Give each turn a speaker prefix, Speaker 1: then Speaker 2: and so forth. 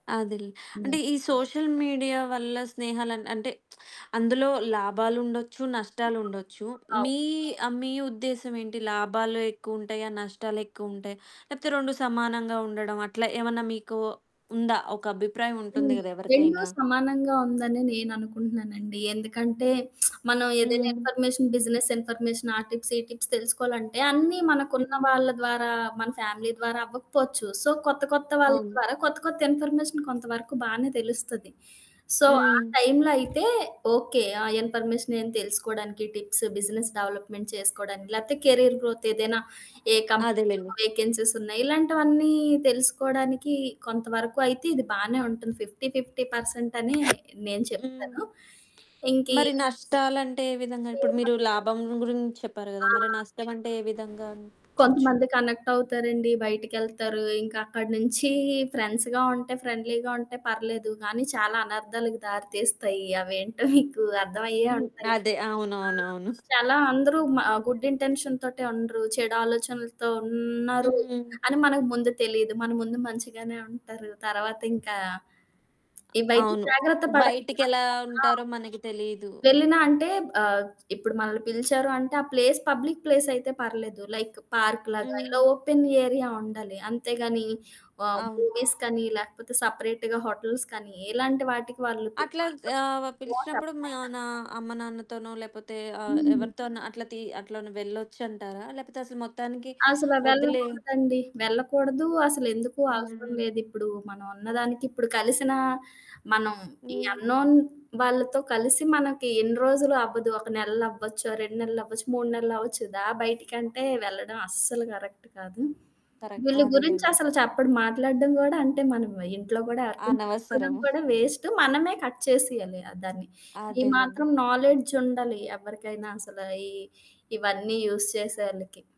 Speaker 1: అదేలే. అంటే
Speaker 2: హ్మ్.
Speaker 1: ఈ సోషల్ మీడియా వల్ల స్నేహాలన్ అంటే అందులో లాభాలుండొచ్చు, నష్టాలుండొచ్చు.
Speaker 2: అవ్
Speaker 1: మీ ఆహ్, మీ ఉద్దేశ్యం ఏంటి? లాభాలు ఎక్కువుంటాయా? నష్టాలెక్కువుంటాయ? లేకపోతే 2 సమానంగా ఉండడం? అట్లా ఏమన్నా మీకు ఉందా? ఒక అభిప్రాయం ఉంటుంది
Speaker 2: హ్మ్.
Speaker 1: గదా!
Speaker 2: 2
Speaker 1: ఎవరికైనా. హ్మ్.
Speaker 2: సమానంగా ఉందనే నేననుకుంటున్నానండి. ఎందుకంటే మనం ఏదైనా
Speaker 1: హ్మ్.
Speaker 2: ఇన్ఫర్మేషన్, బిజినెస్ ఇన్ఫర్మేషన్ ఆ టిప్స్, ఈ టిప్స్ తెలుసుకోవాలంటే అన్నీ మనకున్న
Speaker 1: హ్మ్.
Speaker 2: వాళ్ళ ద్వారా, మన ఫ్యామిలీ ద్వారా అవ్వకపోవచ్చు. సో, కొత్త కొత్త వాళ్ళ
Speaker 1: అవును.
Speaker 2: ద్వారా కొత్త కొత్త ఇన్ఫర్మేషన్ కొంతవరకు బానే తెలుస్తది. సో ఆ
Speaker 1: హ్మ్.
Speaker 2: టైంలో అయితే ఓకే. ఆ ఇన్ఫర్మేషన్ ఏం తెలుసుకోవడానికి టిప్స్, బిజినెస్ డెవలప్మెంట్ చేసుకోవడానికి లేతే కెరియర్ గ్రోత్ ఏదైనా ఏ
Speaker 1: అదేలెండి.
Speaker 2: కంపెనీలో వెేకెన్సీస్ ఉన్నాయి? ఇలాంటివన్నీ తెలుసుకోవడానికి కొంతవరకు అయితే ఇది బానే ఉంటుంది. 50, 50 పర్సెంటనే నేను
Speaker 1: హ్మ్.
Speaker 2: చెప్తాను. ఇంకీ
Speaker 1: మరి నష్టాలంటే ఏ విధంగా? ఇప్పుడు
Speaker 2: ఫేమస్
Speaker 1: మీరు లాభం గురించి చెప్పారు గదా! మరి
Speaker 2: ఆ!
Speaker 1: నష్టం అంటే ఏ విధంగా అనిపించొచ్చు?
Speaker 2: కొంతమంది కనెక్టవుతారండి. బయటికెళ్తారు. ఇంకా అక్కడి నుంచి ఫ్రెండ్స్‌గా ఉంటే, ఫ్రెండ్‌లీగా ఉంటే పర్లేదు. కానీ చాలా అనర్థాలకు దారితీస్తాయి. అవేంటో మీకు అర్థమయ్యే
Speaker 1: హ్మ్.
Speaker 2: ఉంటాయి.
Speaker 1: అదే.
Speaker 2: ఆ!
Speaker 1: అవునవునవును.
Speaker 2: చాలా అందరూ మా గుడ్ ఇంటెన్షన్‌‌తోటే ఉండరు. చెడు ఆలోచనలతో ఉన్నారు
Speaker 1: హ్మ్.
Speaker 2: అని మనకు ముందు తెలీదు. మన ముందు మంచిగానే ఉంటారు. తర్వాత ఇంకా
Speaker 1: అ
Speaker 2: ఇవైతే
Speaker 1: అవును.
Speaker 2: జాగ్రత్త పడాలి?
Speaker 1: బయటికెలా
Speaker 2: అనుకోకుండా ఆ!
Speaker 1: ఉంటారో మనకి తెలీదు.
Speaker 2: వెళ్ళినా అంటే ఆహ్, ఇప్పుడు మనల్ని పిలిచారు అంటే ఆ ప్లేస్ పబ్లిక్ ప్లేసయితే పర్లేదు. లైక్ పార్క్‌లాగా ఇలా
Speaker 1: హ్మ్.
Speaker 2: ఓపెన్ ఏరియా ఉండాలి. అంతేగానీ ఆహ్,
Speaker 1: అవును.
Speaker 2: మూవీస్‌‌కనీ లేకపోతే, సెపరేట్‌గా హోటల్స్‌కనీ ఇలాంటి వాటికి వాళ్ళు
Speaker 1: అట్లాగ్
Speaker 2: పిలిసినప్పుడు
Speaker 1: ఆహ్,
Speaker 2: నో
Speaker 1: పిలిచినప్పుడు
Speaker 2: చెప్పాలి.
Speaker 1: మనా అమ్మనాన్నతోనో లేపోతే ఆహ్,
Speaker 2: హ్మ్.
Speaker 1: ఎవరితో అన్నా అట్లా తీ అట్లన్ వెళ్ళొచ్చంటారా? లేపోతే అసలు మొత్తానికి
Speaker 2: అసల
Speaker 1: ఒద్దులే
Speaker 2: వెళ్ళకూడదండి. వెళ్ళకూడదు. అసలెందుకు అవసరం
Speaker 1: హ్మ్.
Speaker 2: లేదిప్పుడు. మనం ఉన్నదానికిప్పుడు కలిసినా మనం
Speaker 1: హ్మ్.
Speaker 2: అన్‌నోన్ వాళ్ళతో కలిసి మనకి ఎన్ని రోజులు అవ్వదు. ఒక నెల్లవ్వచ్చు, 2 నెల్లవ్వచ్చు, 3 నెలలవ్వచ్చు. "దా బయటికంటే", వెళ్ళడం అస్సలు కరెక్ట్ కాదు.
Speaker 1: కరక్ట్
Speaker 2: వీళ్ళ గురించి
Speaker 1: అదేలెండి.
Speaker 2: అసలు చెప్పడు మాట్లాడడం గూడా అంటే మనం ఇంట్లో గూడా, ఎవరికైనా చెప్పుకోడం
Speaker 1: అనవసరము.
Speaker 2: కూడా వేస్టు. మనమే కట్ చేసేయాలి ఆహ్, దాన్ని. ఈ
Speaker 1: అదేలేండి.
Speaker 2: మాత్రం నాలెడ్జుండాలి ఎవ్వరికైనా అసల, ఈ ఇవన్నీ యూజ్ చేసోవోళ్ళకి.